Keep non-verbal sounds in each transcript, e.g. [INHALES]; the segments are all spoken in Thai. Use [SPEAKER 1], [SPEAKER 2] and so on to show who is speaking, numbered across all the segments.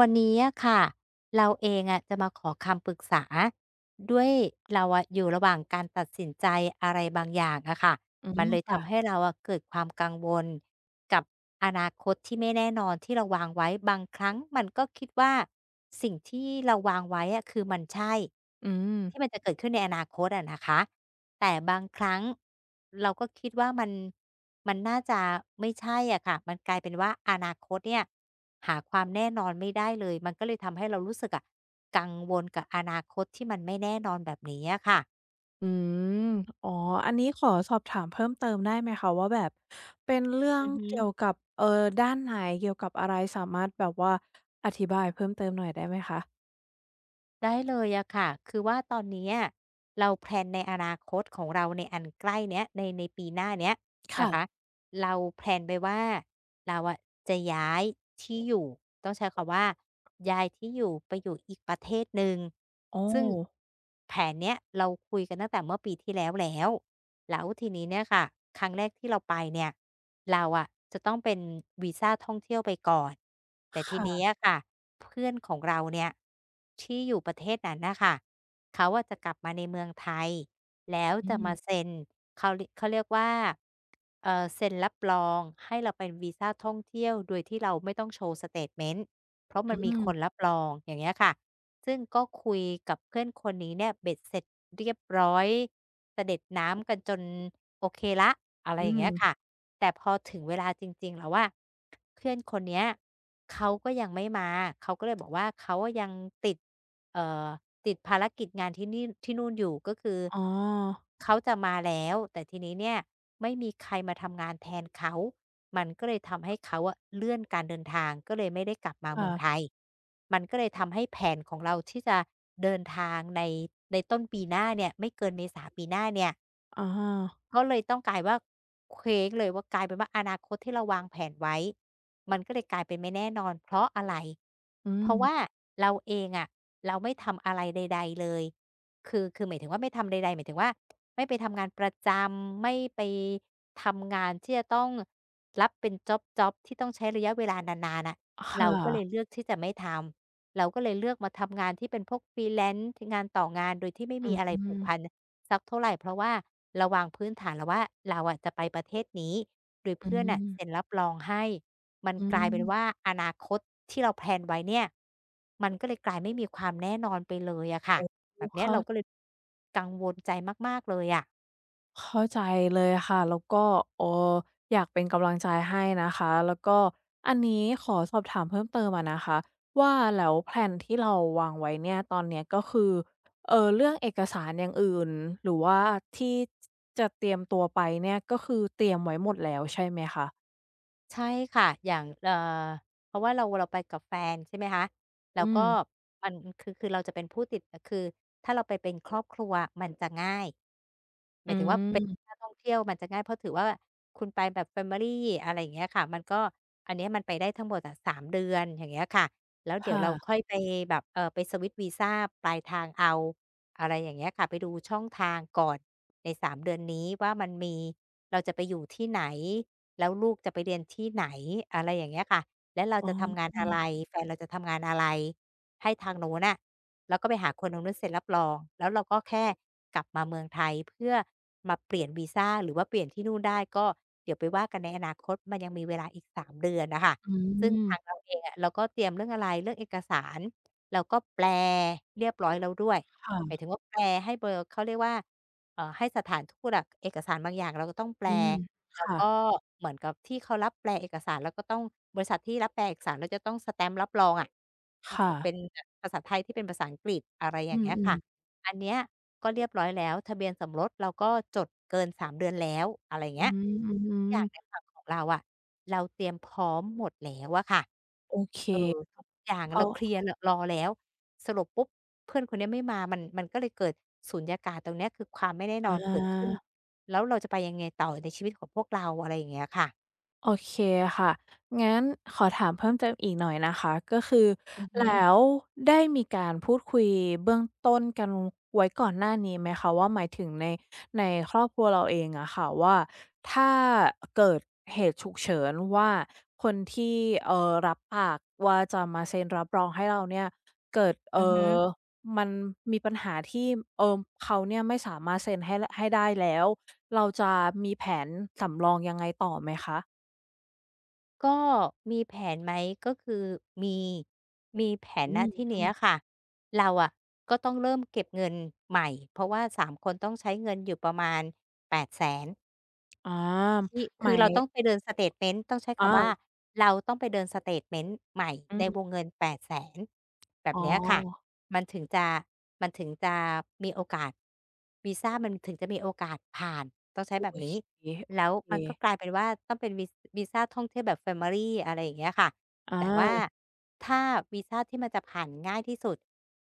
[SPEAKER 1] วันนี้อะค่ะ เราเองอะจะมาขอคำปรึกษา ด้วยเราอะอยู่ระหว่างการตัดสินใจอะไรบางอย่างอะค่ะ
[SPEAKER 2] อื
[SPEAKER 1] มัน
[SPEAKER 2] ม
[SPEAKER 1] เลย
[SPEAKER 2] ค
[SPEAKER 1] ท
[SPEAKER 2] ่ะ
[SPEAKER 1] ำให้เราอะเกิดความกังวลกับอนาคตที่ไม่แน่นอนที่เราวางไว้ บางครั้งมันก็คิดว่า สิ่งที่เราวางไว้อะ คือมันใช่
[SPEAKER 2] อื
[SPEAKER 1] ที
[SPEAKER 2] ม
[SPEAKER 1] ่มันจะเกิดขึ้นในอนาคตอะนะคะ แต่บางครั้งเราก็คิดว่า มัน มันน่าจะไม่ใช่อะค่ะ มันกลายเป็นว่า อนาคตเนี่ยหาความแน่นอนไม่ได้เลย มันก็เลยทำให้เรารู้สึกอะกังวลกับอนาคตที่มันไม่แน่นอนแบบนี้อะค่ะ
[SPEAKER 2] อืม อ๋อ อันนี้ขอสอบถามเพิ่มเติมได้ไหมคะว่า แบบเป็นเรื่อ
[SPEAKER 1] อ
[SPEAKER 2] ง
[SPEAKER 1] ือฮึ
[SPEAKER 2] เกี่ยวกับ เอ่อ ด้านไหน เกี่ยวกับอะไร? สามารถแบบว่า อธิบายเพิ่มเติมหน่อยได้ไหมคะ?
[SPEAKER 1] ได้เลยอะค่ะ คือว่าตอนเนี้ย เรา แพลน ในอนาคตของเรา ในอันใกล้เนี้ย ใน ในปีหน้าเนี้ย
[SPEAKER 2] ค
[SPEAKER 1] น
[SPEAKER 2] ่
[SPEAKER 1] ะค
[SPEAKER 2] ะ
[SPEAKER 1] ะ เรา แพลน ไปว่า เราอะจะย้ายที่อยู่ ต้องใช้คำว่า ย้ายที่อยู่ไปอยู่อีกประเทศหนึ่ง
[SPEAKER 2] โอ
[SPEAKER 1] ซึ่ง
[SPEAKER 2] ้
[SPEAKER 1] แผนเนี้ย เราคุยกันตั้งแต่เมื่อปีที่แล้วแล้ว แล้วทีนี้เนี่ยค่ะครั้งแรกที่เราไปเนี่ย เราอะจะต้องเป็นวีซาท่องเที่ยวไปก่อน แต่
[SPEAKER 2] ค
[SPEAKER 1] ที
[SPEAKER 2] ่
[SPEAKER 1] เนี้
[SPEAKER 2] ะ
[SPEAKER 1] ยค่ะ เพื่อนของเราเนี่ย ที่อยู่ประเทศนั้นน่ะค่ะ เขาอะจะกลับมาในเมืองไทย แล้ว
[SPEAKER 2] อื
[SPEAKER 1] จะมา
[SPEAKER 2] ม
[SPEAKER 1] เซ็น เขาเรีย เขาเรียกว่า เอ่อ เซ็นรับรองให้เราไปวีซาท่องเที่ยว โดยที่เราไม่ต้องโชว์สเตตเมนต์ เพราะม
[SPEAKER 2] อ
[SPEAKER 1] ั
[SPEAKER 2] ื
[SPEAKER 1] นมีคน
[SPEAKER 2] ม
[SPEAKER 1] รับรอง อย่างเงี้ยค่ะ ซึ่งก็คุยกับเพื่อนคนนี้เนี่ย เบ็ดเสร็จเรียบร้อยสะเด็ดน้ำกันจนโอเคแล้ว อะไร
[SPEAKER 2] อื
[SPEAKER 1] อย่างเงี้ยค
[SPEAKER 2] ม
[SPEAKER 1] ่ะ แต่พอถึงเวลาจริง ๆ แล้วอะ เพื่อนคนเนี้ยเขาก็ยังไม่มาเขา ก็เลยบอก ว่า เขายังอะติด เอ่อ ติดภารกิจงานที่นี่ ที่นู่นอยู่ ก็คือ
[SPEAKER 2] อ๋อ
[SPEAKER 1] เขาจะมาแล้วแต่ทีนี้เนี่ย ไม่มีใครมาทำงานแทนเขา มันก็เลยทำให้เขาอะเลื่อนการเดินทาง ก็เลยไม่ได้กลับมา
[SPEAKER 2] ค
[SPEAKER 1] เ
[SPEAKER 2] ่
[SPEAKER 1] มือ
[SPEAKER 2] ะ
[SPEAKER 1] งไทย มันก็เลยทำให้แผนของเราที่จะเดินทางใน ในต้นปีหน้าเนี่ย ไม่เกินเมษาปีหน้าเนี่ย
[SPEAKER 2] อ้อ
[SPEAKER 1] ก็เลยต้องกลายว่า เคว้งเลยว่า กลายเป็นว่า อนาคตที่เราวางแผนไว้ มันก็เลยกลายเป็นไม่แน่นอน เพราะอะไร
[SPEAKER 2] อื
[SPEAKER 1] เพราะว
[SPEAKER 2] ม
[SPEAKER 1] ่าเราเองอะ เราไม่ทำอะไรใด ๆ เลย คือ คือหมายถึงว่าไม่ทำใด ๆ หมายถึงว่า ไม่ไปทำงานประจำ ไม่ไป...ทำงานที่จะต้องรับเป็นจ็อบ ๆ ที่ต้องใช้ระยะเวลานาน ๆ น่ะ
[SPEAKER 2] อะ ค
[SPEAKER 1] เร
[SPEAKER 2] ่
[SPEAKER 1] าก็เ
[SPEAKER 2] ะ
[SPEAKER 1] ลยเลือกที่จะไม่ทำ เราก็เลยเลือกมาทำงานที่เป็นพวก freelance งานต่องานโดยที่ไม่
[SPEAKER 2] อ
[SPEAKER 1] ม
[SPEAKER 2] ื
[SPEAKER 1] ี
[SPEAKER 2] อ
[SPEAKER 1] อะ
[SPEAKER 2] ฮ
[SPEAKER 1] ไร
[SPEAKER 2] ึ
[SPEAKER 1] ผูกพันสักเท่าไร เพราะว่าเราวางพื้นฐานแล้วว่า เราอะจะไปประเทศนี้ โดย
[SPEAKER 2] อ
[SPEAKER 1] เพ
[SPEAKER 2] ื
[SPEAKER 1] ื่อนน่ะเ
[SPEAKER 2] ม
[SPEAKER 1] ซ็นรับรองให้ มัน
[SPEAKER 2] อื
[SPEAKER 1] กลายเป็น
[SPEAKER 2] ม
[SPEAKER 1] ว่า อนาคตที่เราแพลนไว้เนี่ย มันก็เลยกลายไม่มีความแน่นอนไปเลยอะค่ะ
[SPEAKER 2] อ๋อ อ
[SPEAKER 1] แบ
[SPEAKER 2] ื
[SPEAKER 1] บ
[SPEAKER 2] ม
[SPEAKER 1] เน
[SPEAKER 2] เ
[SPEAKER 1] ี
[SPEAKER 2] ข
[SPEAKER 1] ้ย
[SPEAKER 2] ้
[SPEAKER 1] เ
[SPEAKER 2] า
[SPEAKER 1] ราก็เลยกังวลใจมาก ๆ เลยอะ
[SPEAKER 2] เข้าใจเลยอะค่ะ แล้วก็ เอ่อ อยากเป็นกำลังใจให้นะคะ แล้วก็อันนี้ขอสอบถามเพิ่มเติมอะนะคะว่า แล้วแพลนที่เราวางไว้เนี่ย ตอนเนี้ย ก็คือ เอ่อ เรื่องเอกสารอย่างอื่น หรือว่าที่ จ จะเตรียมตัวไปเนี่ย ก็คือเตรียมไว้หมดแล้ว ใช่ไหมคะ?
[SPEAKER 1] ใช่ค่ะ อย่าง เอ่อ เพราะว่าเรา เราไปกับแฟน ใช่ไหมคะ แล้
[SPEAKER 2] อื
[SPEAKER 1] วก็
[SPEAKER 2] ม
[SPEAKER 1] มันคือ คือเราจะเป็นผู้ติด คือถ้าเราไปเป็นครอบครัว มันจะง่าย
[SPEAKER 2] อืม
[SPEAKER 1] หมายถึงว่า เป็นนักท่องเที่ยวมันจะง่าย เพราะถือว่าคุณไปแบบ แฟมิลี อะไรอย่างเงี้ยค่ะ มันก็ อันเนี้ยมันไปได้ทั้งหมดอะ 3 เดือน อย่างเงี้ยค่ะ แล้ว
[SPEAKER 2] ค
[SPEAKER 1] เดี๋ย
[SPEAKER 2] ่
[SPEAKER 1] วเรา
[SPEAKER 2] ะ
[SPEAKER 1] ค่อยไปแบบ เอ่อ ไปสวิตช์วีซาปลายทางเอา อะไรอย่างเงี้ยค่ะ ไปดูช่องทางก่อน ใน 3 เดือนนี้ว่า มันมี เราจะไปอยู่ที่ไหน? แล้วลูกจะไปเรียนที่ไหน? อะไรอย่างเงี้ยค่ะ แล้วเรา
[SPEAKER 2] อ๋
[SPEAKER 1] จะทำงานอะไร?
[SPEAKER 2] อ
[SPEAKER 1] แฟนเราจะทำงานอะไร? ให้ทางนู้นน่ะ แล้วก็ไปหาคนทางนู้นเซ็นรับรอง แล้วเราก็แค่กลับมาเมืองไทย เพื่อมาเปลี่ยนวีซา หรือว่าเปลี่ยนที่นู่นได้ ก็เดี๋ยวไปว่ากันในอนาคต มันยังมีเวลาอีก 3 เดือนน่ะค่ะ
[SPEAKER 2] อื
[SPEAKER 1] ซึ่งท
[SPEAKER 2] ม
[SPEAKER 1] างเราเองอะ เราก็เตรียมเรื่องอะไร เรื่องเอกสาร เราก็แปลเรียบร้อยแล้วด้วย
[SPEAKER 2] [TSK] ค่
[SPEAKER 1] หมา
[SPEAKER 2] ะ
[SPEAKER 1] ยถึงว่า แปลให้เบอร์ เขาเรียกว่า เอ่อ ให้สถานทูตอะ เอกสารบางอย่าง เราก็ต้องแป
[SPEAKER 2] อ
[SPEAKER 1] ล
[SPEAKER 2] ืม
[SPEAKER 1] แล
[SPEAKER 2] ค
[SPEAKER 1] ้ว
[SPEAKER 2] ่
[SPEAKER 1] ก
[SPEAKER 2] ะ
[SPEAKER 1] ็เหมือนกับที่เขารับแปลเอกสาร แล้วก็ต้อง บริษัทที่รับแปลเอกสาร จะต้องสแตมป์รับรองอะ ภ
[SPEAKER 2] ค
[SPEAKER 1] า
[SPEAKER 2] ่
[SPEAKER 1] ษา เ
[SPEAKER 2] ะ
[SPEAKER 1] ป็นแบบ ภาษาไทยให้เป็นภาษาอังกฤษ อะไรอ
[SPEAKER 2] อ
[SPEAKER 1] ย่
[SPEAKER 2] ื
[SPEAKER 1] างเงี้ยค่ะ
[SPEAKER 2] ม ๆ
[SPEAKER 1] อันเนี้ยก็เรียบร้อยแล้ว ทะเบียนสมรสเราก็จดเกิน 3 เดือนแล้ว อะไรอย่างเ
[SPEAKER 2] อ
[SPEAKER 1] ง
[SPEAKER 2] ือ
[SPEAKER 1] ี้ย
[SPEAKER 2] ฮ
[SPEAKER 1] ท
[SPEAKER 2] ึ
[SPEAKER 1] ุกอย่า
[SPEAKER 2] ๆ
[SPEAKER 1] งในฝั่งของเราอะ เราเตรียมพร้อมหมดแล้วอะค่ะ
[SPEAKER 2] โอเค
[SPEAKER 1] เอ่อ ทุกอย่าง
[SPEAKER 2] เข
[SPEAKER 1] เร
[SPEAKER 2] า
[SPEAKER 1] าเคลียร์ ร รอแล้ว สรุปปุ๊บ เพื่อนคนเนี้ยไม่มา มัน มันก็เลยเกิดสูญญากาศตรงเนี้ย คือความไม่แน่น
[SPEAKER 2] อ
[SPEAKER 1] อนเกิดขึ้น
[SPEAKER 2] า
[SPEAKER 1] แล้วเราจะไปยังไงต่อในชีวิตของพวกเรา? อะไรอย่างเงี้ยค่ะ
[SPEAKER 2] โอเคค่ะ งั้นขอถามเพิ่มเติมอีกหน่อยนะคะ ก็คือ
[SPEAKER 1] อือฮึ
[SPEAKER 2] แล้วได้มีการพูดคุยเบื้องต้นกันไว้ก่อนหน้านี้ไหมคะว่า หมายถึงใน ในครอบครัวเราเองอะค่ะ ว่าถ้า อ่า เกิดเหตุฉุกเฉินว่าคนที่ เอ่อ รับปากว่า จะมาเซ็นรับรองให้เราเนี่ย เกิด เ
[SPEAKER 1] อ
[SPEAKER 2] อ
[SPEAKER 1] ือ
[SPEAKER 2] ่
[SPEAKER 1] ฮึ
[SPEAKER 2] อ มันมีปัญหาที่ เอ่อ เขาเนี่ยไม่สามารถเซ็นให้ ให้ได้แล้ว เราจะมีแผนสำรองยังไงต่อไหมคะ?
[SPEAKER 1] ก็มีแผนไหม ก็คือมี มีแผน
[SPEAKER 2] อื
[SPEAKER 1] ณ
[SPEAKER 2] ม
[SPEAKER 1] ที่เ
[SPEAKER 2] อ
[SPEAKER 1] น
[SPEAKER 2] ื
[SPEAKER 1] ี้ย
[SPEAKER 2] ม
[SPEAKER 1] ค่ะ เราอะก็ต้องเริ่มเก็บเงินใหม่ เพราะว่า 3 คน ต้องใช้เงินอยู่ประมาณ 800,000
[SPEAKER 2] อ๋อ
[SPEAKER 1] ที่ ค
[SPEAKER 2] หม
[SPEAKER 1] ื
[SPEAKER 2] า
[SPEAKER 1] อเ
[SPEAKER 2] ย
[SPEAKER 1] ราต้องไปเดินสเตตเมนต์ ต้องใช้ค
[SPEAKER 2] อ
[SPEAKER 1] ำว่า
[SPEAKER 2] า
[SPEAKER 1] เราต้องไปเดินสเตตเมนต์ใหม่
[SPEAKER 2] อ
[SPEAKER 1] ใน
[SPEAKER 2] ืม
[SPEAKER 1] วงเงิน 800,000 แบ
[SPEAKER 2] อ
[SPEAKER 1] บ
[SPEAKER 2] ๋อ
[SPEAKER 1] เนี้ยค่ะ มันถึงจะ มันถึงจะมีโอกาส วีซามันถึงจะมีโอกาสผ่าน ต้องใช้
[SPEAKER 2] โอ้
[SPEAKER 1] แบบนี
[SPEAKER 2] ช
[SPEAKER 1] ้
[SPEAKER 2] ิบ เก๋ โ
[SPEAKER 1] แล้ว
[SPEAKER 2] อเ
[SPEAKER 1] มันก็
[SPEAKER 2] ค
[SPEAKER 1] กลายเป็นว่า ต้องเป็นวี วีซาท่องเที่ยวแบบ แฟมิลี อะไรอย่างเงี้ยค่ะ
[SPEAKER 2] อ
[SPEAKER 1] แต่ว่า
[SPEAKER 2] า
[SPEAKER 1] ถ้าวีซาที่มันจะผ่านง่ายที่สุด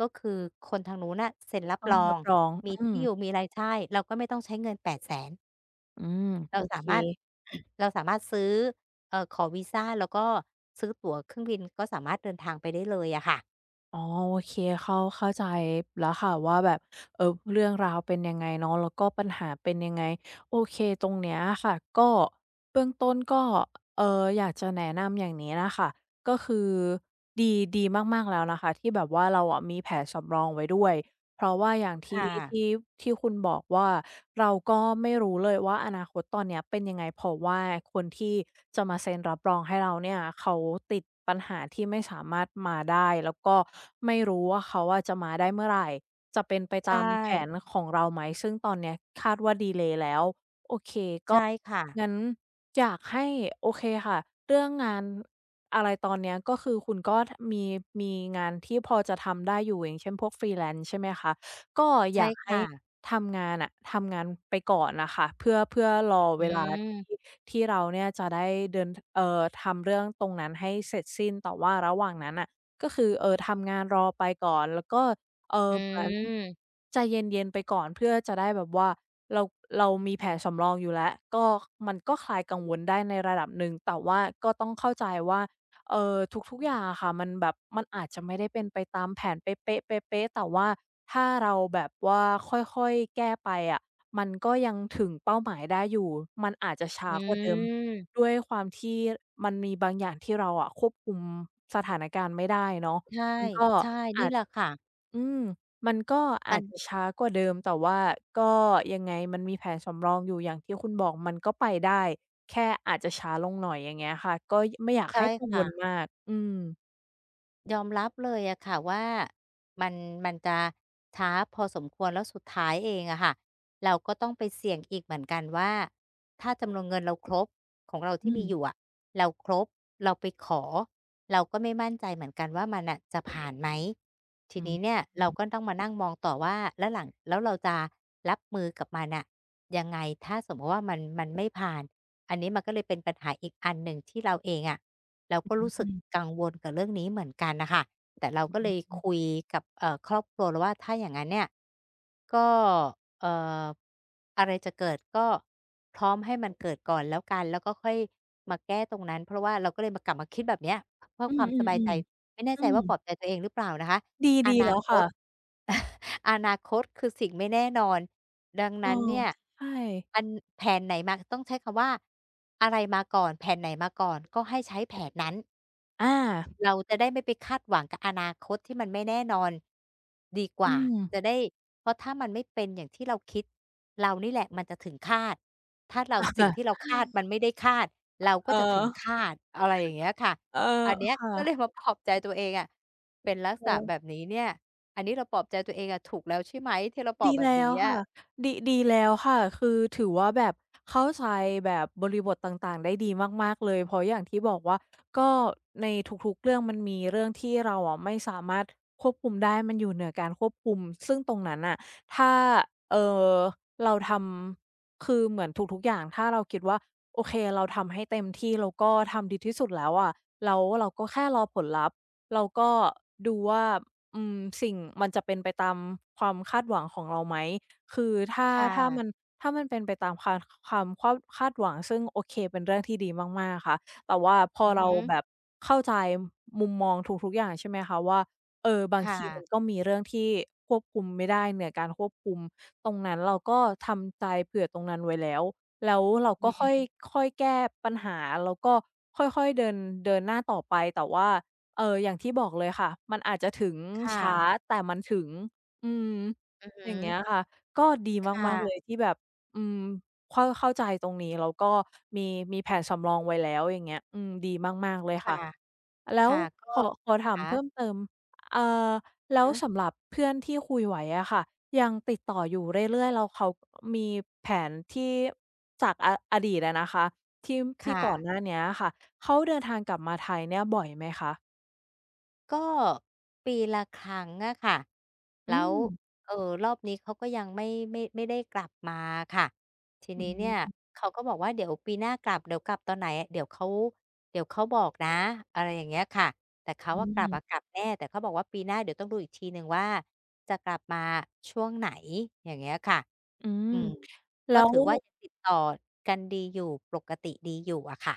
[SPEAKER 1] ก็คือคนทางนู้นน่ะเซ็นรั
[SPEAKER 2] ต
[SPEAKER 1] บ
[SPEAKER 2] ้อง
[SPEAKER 1] รอ
[SPEAKER 2] รั
[SPEAKER 1] ง
[SPEAKER 2] บรอง
[SPEAKER 1] ม
[SPEAKER 2] อ
[SPEAKER 1] ี
[SPEAKER 2] ื
[SPEAKER 1] ที
[SPEAKER 2] ม
[SPEAKER 1] ่อยู่ มีอะไร ใช่ เราก็ไม่ต้องใช้เงิน 800,000
[SPEAKER 2] อืม
[SPEAKER 1] เร
[SPEAKER 2] โ
[SPEAKER 1] า
[SPEAKER 2] อ
[SPEAKER 1] ส
[SPEAKER 2] เ
[SPEAKER 1] า
[SPEAKER 2] ค
[SPEAKER 1] มารถ เราสามารถซื้อ เอ่อ ขอวีซาแล้วก็ซื้อตั๋วเครื่องบินก็สามารถเดินทางไปได้เลยอะค่ะ
[SPEAKER 2] อ๋อ โอเค เข้า เข้าใจแล้วค่ะว่า แบบ เออ เรื่องราวเป็นยังไงเนาะ แล้วก็ปัญหาเป็นยังไง โอเค ตรงเนี้ยอะค่ะ ก็ เบื้องต้นก็ เอ่อ อยากจะแนะนำอย่างนี้น่ะค่ะ ก็คือดี ดีมาก ๆ แล้วนะคะที่แบบว่า เราอะมีแผนสำรองไว้ด้วย เพราะว่าอย่าง
[SPEAKER 1] ค
[SPEAKER 2] ที่
[SPEAKER 1] ่
[SPEAKER 2] ท
[SPEAKER 1] ะ
[SPEAKER 2] ี่ ที่คุณบอกว่า เราก็ไม่รู้เลยว่า อนาคตตอนเนี้ยเป็นยังไงเพราะว่า คนที่ จะมาเซ็นรับรองให้เราเนี่ย เขาติดปัญหาที่ไม่สามารถมาได้ แล้วก็ไม่รู้ว่าเขาอะจะมาได้เมื่อไร จะเป็นไป
[SPEAKER 1] ใช
[SPEAKER 2] ตามแผ
[SPEAKER 1] ่
[SPEAKER 2] นของเราไหม ซึ่งตอนเนี้ยคาดว่า ดีเลย์แล้ว โอเค
[SPEAKER 1] ใช่ค่ะ
[SPEAKER 2] ก็ งั้นอยากให้ โอเคค่ะ เรื่องงานอะไรตอนเนี้ย ก็คือคุณก็มี มีงานที่พอจะทำได้อยู่ อย่างเช่น พวก freelance ใช่ไหมคะ ก็
[SPEAKER 1] ใช
[SPEAKER 2] อย
[SPEAKER 1] ่
[SPEAKER 2] าก
[SPEAKER 1] ค
[SPEAKER 2] ให้
[SPEAKER 1] ่ะ
[SPEAKER 2] ทำงานอะ ทำงานไปก่อนอะค่ะ เพื่อ เพื่อรอ
[SPEAKER 1] อ
[SPEAKER 2] เวลาที
[SPEAKER 1] ืม
[SPEAKER 2] ่ ที่เราเนี่ยจะได้เดิน เอ่อ ทำเรื่องตรงนั้นให้เสร็จสิ้น แต่ว่าระหว่างนั้นน่ะ ก็คือ เอ่อ ทำงานรอไปก่อน แล้วก็ เอ่
[SPEAKER 1] อ
[SPEAKER 2] อ เหมือน
[SPEAKER 1] ืม
[SPEAKER 2] ใจเย็น ๆ ไปก่อนเพื่อจะได้แบบว่า เรา เรามีแผนสำรองอยู่แล้ว ก็มันก็คลายกังวลได้ในระดับหนึ่ง แต่ว่าก็ต้องเข้าใจว่า เออ ทุก ๆ อย่างอะค่ะ มันแบบ มันอาจจะไม่ได้เป็นไปตามแผนเป๊ะ ๆ ๆ ๆ แต่ว่าถ้าเราแบบว่าค่อย ๆ แก้ไปอะ มันก็ยังถึงเป้าหมายได้อยู่ มันอาจจะ ช้
[SPEAKER 1] อ
[SPEAKER 2] ากว่าเดิม
[SPEAKER 1] ืม
[SPEAKER 2] ด้วยความที่มันมีบางอย่าง ที่เราอะควบคุมสถานการณ์ไม่ได้เนาะ
[SPEAKER 1] ใช่
[SPEAKER 2] มันก็
[SPEAKER 1] ใช่
[SPEAKER 2] อ
[SPEAKER 1] นี
[SPEAKER 2] า
[SPEAKER 1] ่
[SPEAKER 2] จ
[SPEAKER 1] แหละค่ะ
[SPEAKER 2] อืม มันก็อ
[SPEAKER 1] มั
[SPEAKER 2] าจ
[SPEAKER 1] น
[SPEAKER 2] จะช้ากว่าเดิม แต่ว่าก็ยังไงมันมีแผนสำรองอยู่ อย่างที่คุณบอกมันก็ไปได้แค่อาจจะช้าลงหน่อย อย่างเงี้ยค่ะ ก็ ไม่อยาก
[SPEAKER 1] ใช
[SPEAKER 2] ใ
[SPEAKER 1] ่
[SPEAKER 2] ห้กัง
[SPEAKER 1] ค่
[SPEAKER 2] ว
[SPEAKER 1] ะ
[SPEAKER 2] ลมาก อือ
[SPEAKER 1] ยอมรับเลยอะค่ะว่า มัน มันจะช้าพอสมควรแล้วสุดท้ายเองอะค่ะ เราก็ต้องไปเสี่ยงอีกเหมือนกันว่า ถ้าจำนวนเงินเราครบ ของเราท
[SPEAKER 2] อ
[SPEAKER 1] ี
[SPEAKER 2] ื
[SPEAKER 1] ่มีอย
[SPEAKER 2] ม
[SPEAKER 1] ู่อะ เราครบ เราไปขอ เราก็ไม่มั่นใจเหมือนกันว่ามันน่ะจะ ผ่านไหม ที
[SPEAKER 2] อ
[SPEAKER 1] น
[SPEAKER 2] ื
[SPEAKER 1] ี้เนี่ย เรา
[SPEAKER 2] ม
[SPEAKER 1] ก็ต้องมานั่ง มองต่อว่า แล้วหลัง แล้วเราจะรับมือกับมันน่ะยังไง ถ้าสมมุติว่ามัน มัน ไม่ผ่าน อันนี้มันก็เลยเป็นปัญหาอีกอันหนึ่งที่เราเองอะ เราก็
[SPEAKER 2] อ
[SPEAKER 1] รู้สึ
[SPEAKER 2] ื
[SPEAKER 1] ก
[SPEAKER 2] ม
[SPEAKER 1] กังวลกับเรื่องนี้เหมือนกันน่ะค่ะ แต่เราก็เลย
[SPEAKER 2] อื
[SPEAKER 1] ค
[SPEAKER 2] อ
[SPEAKER 1] ุยกับ เอ่อ ครอบครัวเราว่า ถ้าอย่างนั้นเนี่ย ก็ เอ่อ อะไรจะเกิด ก็พร้อมให้มันเกิดก่อน แล้วกัน แล้วก็ค่อยมาแก้ตรงนั้น เพราะว่า เราก็เลยมา กลับมาคิดแบบเนี้ย เพื่อ
[SPEAKER 2] อือ
[SPEAKER 1] ความส
[SPEAKER 2] ๆ
[SPEAKER 1] บายใจ ไม่แน่
[SPEAKER 2] ๆ อื
[SPEAKER 1] ใจ
[SPEAKER 2] อ
[SPEAKER 1] ว่าปลอบใจตัวเองหรือเปล่านะคะ
[SPEAKER 2] ด
[SPEAKER 1] อ
[SPEAKER 2] ี
[SPEAKER 1] น
[SPEAKER 2] ๆ แ
[SPEAKER 1] า
[SPEAKER 2] ล้ว
[SPEAKER 1] ค
[SPEAKER 2] ค่
[SPEAKER 1] ต
[SPEAKER 2] ะ
[SPEAKER 1] [CHUCKLES] อนาคตคือสิ่งไม่แน่นอนดัง
[SPEAKER 2] เอ
[SPEAKER 1] น
[SPEAKER 2] อ
[SPEAKER 1] ั้นเนี่ย
[SPEAKER 2] ใช่
[SPEAKER 1] อัน แผนไหนมา ต้องใช้คำว่าอะไรมาก่อน แผนไหนมาก่อน ก็ให้ใช้ แผนนั้น
[SPEAKER 2] อา
[SPEAKER 1] เราจะได้ไม่ไปคาดหวังกับอนาคตที่มันไม่แน่นอน ดีก
[SPEAKER 2] อ
[SPEAKER 1] ว
[SPEAKER 2] ื
[SPEAKER 1] ่า จ
[SPEAKER 2] ม
[SPEAKER 1] ะได้ เพราะถ้ามันไม่เป็นอย่างที่เราคิด เรานี่แหละมันจะถึงฆาต ถ้าเรา
[SPEAKER 2] อะค
[SPEAKER 1] สิ่
[SPEAKER 2] ่
[SPEAKER 1] ง
[SPEAKER 2] ะ
[SPEAKER 1] ที่เราคาด
[SPEAKER 2] [INHALES]
[SPEAKER 1] มันไม่ได้คาด
[SPEAKER 2] อะ
[SPEAKER 1] เรา
[SPEAKER 2] เ
[SPEAKER 1] ก
[SPEAKER 2] อ
[SPEAKER 1] ็
[SPEAKER 2] อ
[SPEAKER 1] จะถึง ฆาต อะไรอย่างเงี้ยค่ะ
[SPEAKER 2] เออ
[SPEAKER 1] อันเนี้ย
[SPEAKER 2] ค่
[SPEAKER 1] ก็เ
[SPEAKER 2] ะ
[SPEAKER 1] ลยมาปลอบใจตัวเองอะ เป็นลัก
[SPEAKER 2] โ
[SPEAKER 1] ษ
[SPEAKER 2] อ
[SPEAKER 1] ณะแ
[SPEAKER 2] ้
[SPEAKER 1] บบนี้เนี่ย อันนี้เราปลอบใจตัวเองอะถูกแล้วใช่ไหม ที่เรา ปล
[SPEAKER 2] ด
[SPEAKER 1] อบ
[SPEAKER 2] ี
[SPEAKER 1] แบ
[SPEAKER 2] แล
[SPEAKER 1] บ
[SPEAKER 2] ้
[SPEAKER 1] นี้
[SPEAKER 2] วค
[SPEAKER 1] อ
[SPEAKER 2] ่
[SPEAKER 1] ะ
[SPEAKER 2] ะ ดิ ดีแล้วค่ะ คือถือว่าแบบเข้าใจ แบบบริบทต่าง ๆ ได้ดีมาก ๆ เลย เพราะอย่างที่บอกว่า ก็ในทุก ๆ เรื่องมันมีเรื่องที่เราอะไม่สามารถควบคุมได้ มันอยู่เหนือการควบคุม ซึ่งตรงนั้นน่ะ ถ้า เอ่อ เราทำ คือเหมือนทุก ๆ อย่าง ถ้าเราคิดว่า โอเค เราทำให้เต็มที่ เราก็ทำดีที่สุดแล้วอะ แล้วว่าเราก็แค่รอผลลัพธ์ เราก็ดูว่า อืม สิ่ง มันจะเป็นไปตามความคาดหวังของเราไหม คือถ้า
[SPEAKER 1] ค่
[SPEAKER 2] ถ้า
[SPEAKER 1] ะ
[SPEAKER 2] มัน ถ้ามันเป็นไปตามคาน ค ค ความควบ คาดหวัง ซึ่ง โอเค เป็นเรื่องที่ดีมาก ๆ ค่ะ แต่ว่าพอ
[SPEAKER 1] อือ
[SPEAKER 2] เร
[SPEAKER 1] ฮ
[SPEAKER 2] า
[SPEAKER 1] ึ
[SPEAKER 2] แบบเข้าใจมุมมองทุก ๆ อย่าง ใช่ไหมคะว่า เออ บาง
[SPEAKER 1] ค่
[SPEAKER 2] ที มั
[SPEAKER 1] ะ
[SPEAKER 2] นก็มีเรื่องที่ควบคุมไม่ได้ เหนือการควบคุม ตรงนั้นเราก็ทำใจเผื่อตรงนั้นไว้แล้ว แล้วเราก็ค่อย
[SPEAKER 1] [UNINTELLIGIBLE]
[SPEAKER 2] ค่อยแก้ปัญหา แล้วก็ค่อย ๆ เดิน เดินหน้าต่อไป แต่ว่า เอ่อ อย่างที่บอกเลยค่ะ มันอาจจะถึง
[SPEAKER 1] ค่
[SPEAKER 2] ช้า
[SPEAKER 1] ะ
[SPEAKER 2] แต่มันถึง อืม
[SPEAKER 1] อือฮ
[SPEAKER 2] อย่างเงี้
[SPEAKER 1] ึ
[SPEAKER 2] ย ค่ะ ก็ดี
[SPEAKER 1] ค่
[SPEAKER 2] มาก
[SPEAKER 1] ะ
[SPEAKER 2] ๆ เลย ที่แบบ อืม เข้า เข้าใจตรงนี้ แล้วก็มี มีแผนสำรองไว้แล้ว อย่างเงี้ย อืม ดีมาก ๆ เลย
[SPEAKER 1] ค
[SPEAKER 2] ค่ะ แล้ว
[SPEAKER 1] ่ะ ๆ ก็
[SPEAKER 2] ขอ ขอถ
[SPEAKER 1] ข
[SPEAKER 2] ามเพิ่
[SPEAKER 1] า
[SPEAKER 2] มเติม อ่า แล้
[SPEAKER 1] ฮ
[SPEAKER 2] ว
[SPEAKER 1] ะ
[SPEAKER 2] สำหรับเพื่อนที่คุยไว้อะค่ะ ยังติดต่ออยู่เรื่อย ๆ แล้วเขามีแผนที่ จากอะ อดีตอะนะคะ ที่ ท
[SPEAKER 1] ค
[SPEAKER 2] ี่
[SPEAKER 1] ่
[SPEAKER 2] ก่อน
[SPEAKER 1] ะ
[SPEAKER 2] หน้าเนี้ยอะค่ะ เขาเดินทางกลับมาไทยเนี่ยบ่อยไหมคะ?
[SPEAKER 1] ก็ ปีละครั้งอะค่ะ แ
[SPEAKER 2] อ
[SPEAKER 1] ล
[SPEAKER 2] ื
[SPEAKER 1] ้ว
[SPEAKER 2] อ
[SPEAKER 1] เอ่อ รอบนี้เขาก็ยัง ไม่ ไม่ ไม่ได้กลับมาค่ะ ที
[SPEAKER 2] อ
[SPEAKER 1] น
[SPEAKER 2] ื
[SPEAKER 1] ี้เนี่ย
[SPEAKER 2] ม
[SPEAKER 1] เขาก็บอกว่า "เดี๋ยวปีหน้ากลับ เดี๋ยวกลับตอนไหน เดี๋ยวเขา เดี๋ยวเขาบอกนะ" อะไรอย่างเงี้ยค่ะ แต่เขา
[SPEAKER 2] อ
[SPEAKER 1] อะ กลับ
[SPEAKER 2] ืม
[SPEAKER 1] กลับแน่ แต่เขาบอกว่า "ปีหน้าเดี๋ยวต้องดูอีกทีหนึ่งว่า จะกลับมาช่วงไหน" อย่างเงี้ยค่ะ
[SPEAKER 2] อืม
[SPEAKER 1] อืม
[SPEAKER 2] แ
[SPEAKER 1] ก
[SPEAKER 2] ล
[SPEAKER 1] ็
[SPEAKER 2] ้
[SPEAKER 1] ถ
[SPEAKER 2] ว
[SPEAKER 1] ือว่า ยังติดต่อกันดีอยู่ปรกติดีอยู่อะค่ะ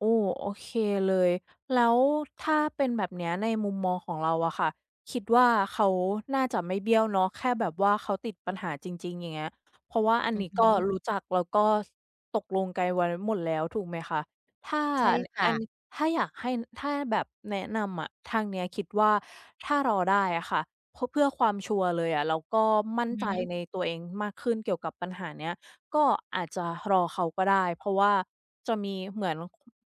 [SPEAKER 2] โอ้ โอเคเลย แล้วถ้าเป็นแบบนี้ในมุมมองของเราอะค่ะ คิดว่า เขาน่าจะไม่เบี้ยวเนาะ แค่แบบว่าเขาติดปัญหาจริง ๆ อย่างเงี้ย เพราะว่าอัน
[SPEAKER 1] อื
[SPEAKER 2] นี
[SPEAKER 1] อ
[SPEAKER 2] ้
[SPEAKER 1] ฮ
[SPEAKER 2] ก็
[SPEAKER 1] ึ
[SPEAKER 2] รู้จัก แล้วก็ ส ตกลงไกลไว้หมดแล้วถูกไหมคะ? ถ้า
[SPEAKER 1] ใช่
[SPEAKER 2] เนี้
[SPEAKER 1] ค
[SPEAKER 2] ย
[SPEAKER 1] ่
[SPEAKER 2] อัน
[SPEAKER 1] ะ
[SPEAKER 2] ถ้าอยากให้ ถ้าแบบแนะนำอะ ทางเนี้ยคิดว่า ถ้ารอได้อะค่ะพ เพื่อความชัวร์เลยอะ เราก็มั่
[SPEAKER 1] อ
[SPEAKER 2] น
[SPEAKER 1] ื
[SPEAKER 2] ใจ
[SPEAKER 1] อฮึ
[SPEAKER 2] ในตัวเองมากขึ้นเกี่ยวกับปัญหาเนี้ย ก็อาจจะรอเขาก็ได้ เพราะว่าจะมีเหมือน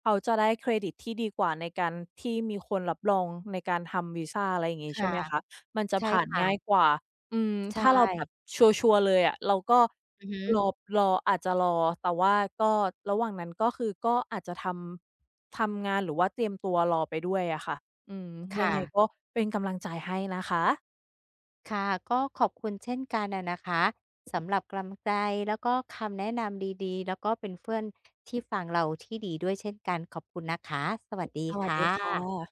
[SPEAKER 2] เขาจะได้เครดิตที่ดีกว่าในการที่มีคนรับรองในการทำวีซา อะไรอย่างงี้
[SPEAKER 1] ค
[SPEAKER 2] ใช
[SPEAKER 1] ่
[SPEAKER 2] ่
[SPEAKER 1] ะ
[SPEAKER 2] ไหมคะ มันจะ
[SPEAKER 1] ใช่
[SPEAKER 2] ผ่าน
[SPEAKER 1] ค่
[SPEAKER 2] ง่าย
[SPEAKER 1] ะ
[SPEAKER 2] กว่า อืม
[SPEAKER 1] ใช
[SPEAKER 2] ถ้าเราแบบ
[SPEAKER 1] ่
[SPEAKER 2] ชัวร์ ๆ เลยอะ เราก็
[SPEAKER 1] อือฮึ
[SPEAKER 2] รอ รอ อาจจะรอ แต่ว่าก็ระหว่างนั้น ก็คือ ก็อาจจะทำ ทำงาน หรือว่าเตรียมตัวรอไปด้วยอะค่ะ อืม
[SPEAKER 1] ค
[SPEAKER 2] ย
[SPEAKER 1] ่
[SPEAKER 2] ังไง
[SPEAKER 1] ะ
[SPEAKER 2] ก็เป็นกำลังใจให้นะคะ
[SPEAKER 1] ค่ะ ก็ขอบคุณเช่นกันอะนะคะ สำหรับกำลังใจแล้วก็คำแนะนำดี ๆ แล้วก็เป็นเพื่อน ที่ฟังเราที่ดีด้วยเช่นกัน ขอบคุณนะคะ สวัสดี
[SPEAKER 2] สว
[SPEAKER 1] ค
[SPEAKER 2] ัส
[SPEAKER 1] ่
[SPEAKER 2] ดีค่
[SPEAKER 1] ะ
[SPEAKER 2] ะ